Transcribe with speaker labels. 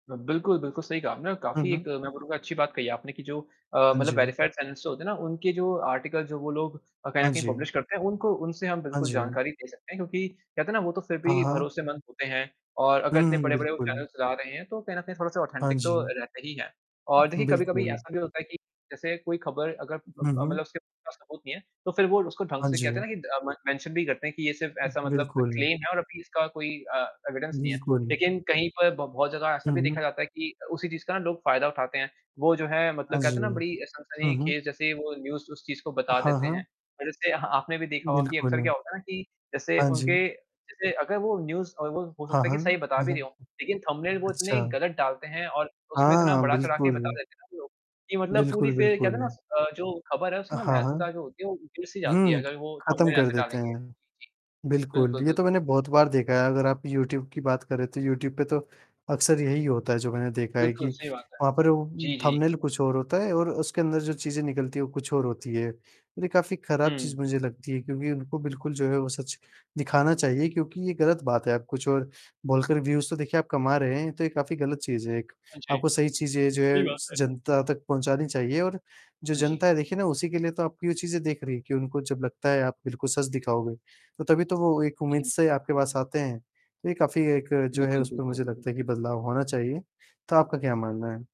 Speaker 1: ब बिल्कुल, बिल्कुल सही कहा आपने और
Speaker 2: हुँ,
Speaker 1: काफ़ी एक
Speaker 2: हुँ।
Speaker 1: मैं बोलूँगा अच्छी बात कही आपने कि जो अ,
Speaker 2: हाँ
Speaker 1: मतलब
Speaker 2: जी।
Speaker 1: वेरीफाइड चैनल्स जो होते हैं ना, उनके जो आर्टिकल जो वो लोग अ, कहीं न
Speaker 2: हाँ
Speaker 1: कहीं पब्लिश
Speaker 2: जी।
Speaker 1: करते हैं उनको उनसे हम
Speaker 2: हाँ
Speaker 1: बिल्कुल
Speaker 2: जी।
Speaker 1: जानकारी दे सकते हैं। क्योंकि कहते हैं ना वो तो फ़िर
Speaker 2: हाँ,
Speaker 1: भी
Speaker 2: हाँ।
Speaker 1: भरोसेमंद होते हैं और अगर
Speaker 2: हुँ,
Speaker 1: इतने
Speaker 2: हुँ,
Speaker 1: बड़े-बड़े वो
Speaker 2: बिल्कुल।
Speaker 1: चैनल्स चला रहे हैं, तो कहीं न कहीं थोड़ा-सा
Speaker 2: हाँ
Speaker 1: ऑथेंटिक तो
Speaker 2: जी।
Speaker 1: रहते ही हैं। और देखिए,
Speaker 2: उ
Speaker 1: कभी-कभी
Speaker 2: बिल्कुल।
Speaker 1: ऐसा भी होता है कि, जैसे कोई खबर अगर म अ,
Speaker 2: हुँ, हुँ।
Speaker 1: मतलब उसके पास सबूत नहीं है, तो फ़िर वो उसको ढंग
Speaker 2: हाँ
Speaker 1: से कहते
Speaker 2: जी।
Speaker 1: हैं ना कि द अ, में मेंशन भी करते हैं कि ये सिर्फ
Speaker 2: उ
Speaker 1: ऐसा मतलब अ,
Speaker 2: बिल्कुल।
Speaker 1: क्लेम है और अभी इसका कोई अ, एविडेंस नहीं है।
Speaker 2: बिल्कुल।
Speaker 1: लेकिन कहीं पर ब बहुत जगह ऐसा
Speaker 2: हुँ,
Speaker 1: भी
Speaker 2: हुँ।
Speaker 1: देखा जाता है कि उसी चीज़ का ना लोग फ़ायदा उठाते हैं, वो जो है
Speaker 2: हाँ
Speaker 1: मतलब
Speaker 2: जी।
Speaker 1: कहते हैं ना बड़ी
Speaker 2: हुँ, हुँ।
Speaker 1: सनसनीख़ेज़ जैसे ही वो न्यूज़ उस चीज़ को बता
Speaker 2: हाँ,
Speaker 1: देते हैं।
Speaker 2: हाँ।
Speaker 1: और जैसे आपने भी देखा होगा कि अक्सर
Speaker 2: बिल्कुल।
Speaker 1: क्या होता है ना कि जैसे
Speaker 2: हाँ जी।
Speaker 1: उनके जैसे अगर वो न्यूज़ और वो हो
Speaker 2: हाँ,
Speaker 1: सकता है कि
Speaker 2: हाँ।
Speaker 1: सही बता भी रहे
Speaker 2: हाँ,
Speaker 1: हों, लेकिन थंबनेल वो इतने
Speaker 2: अच्छा।
Speaker 1: गलत डालते हैं, और उसमें इतना
Speaker 2: हाँ,
Speaker 1: बढ़ा-चढ़ा के बता
Speaker 2: बिल्कुल।
Speaker 1: देते हैं ना लोग, कि मतलब पूरी
Speaker 2: बिल्कुल,
Speaker 1: फ़िर कहते हैं ना
Speaker 2: बिल्कुल।
Speaker 1: स अ, जो खबर है उसकी ना
Speaker 2: हाँ, हाँ।
Speaker 1: महत्वता जो होती है वो उतर-सी जाती है,
Speaker 2: हुँ,
Speaker 1: अगर वो
Speaker 2: ख़त्म
Speaker 1: थंबनेल
Speaker 2: कर
Speaker 1: ऐसे
Speaker 2: देते
Speaker 1: डालेंगे।
Speaker 2: हैं।
Speaker 1: जी।
Speaker 2: बिल्कुल,
Speaker 1: बिल्कुल,
Speaker 2: ये तो
Speaker 1: बिल्कुल।
Speaker 2: मैंने बहुत बार देखा है, अगर आप यूट्यूब की बात करें तो यूट्यूब पे तो अक्सर यही होता है जो मैंने देखा है कि,
Speaker 1: बिल्कुल, सही बात है।
Speaker 2: वहाँ पर वो उ
Speaker 1: जी, जी।
Speaker 2: थंबनेल कुछ और होता है। और उसके अंदर जो चीज़ें निकलती हैं वो कुछ और होती है। और ये काफ़ी खराब चीज़
Speaker 1: हुँ।
Speaker 2: मुझे लगती है क्योंकि उनको बिल्कुल जो है वो सच दिखाना चाहिए, क्योंकि ये ग़लत बात है आप कुछ और बोलकर व्यूज़ तो देखिए आप कमा रहे हैं, तो ये काफ़ी ग़लत चीज़ है एक।
Speaker 1: हाँ जी।
Speaker 2: आपको सही चीज़ें जो
Speaker 1: सही
Speaker 2: है स
Speaker 1: बात है।
Speaker 2: जनता तक पहुँचानी चाहिए और जो
Speaker 1: हाँ जी।
Speaker 2: जनता है देखिए ना उसी के लिए तो आपकी वो चीज़ें देख रही है कि उनको जब लगता है आप बिल्कुल सच दिखाओगे। तो तभी तो वो एक उम्मीद
Speaker 1: जी।
Speaker 2: से आपके पास आते हैं। तो ये काफ़ी एक जो है
Speaker 1: बिल्कुल,
Speaker 2: उसपे
Speaker 1: बिल्कुल।
Speaker 2: मुझे लगता है कि बदलाव होना चाहिए, तो आपका क्या मानना है?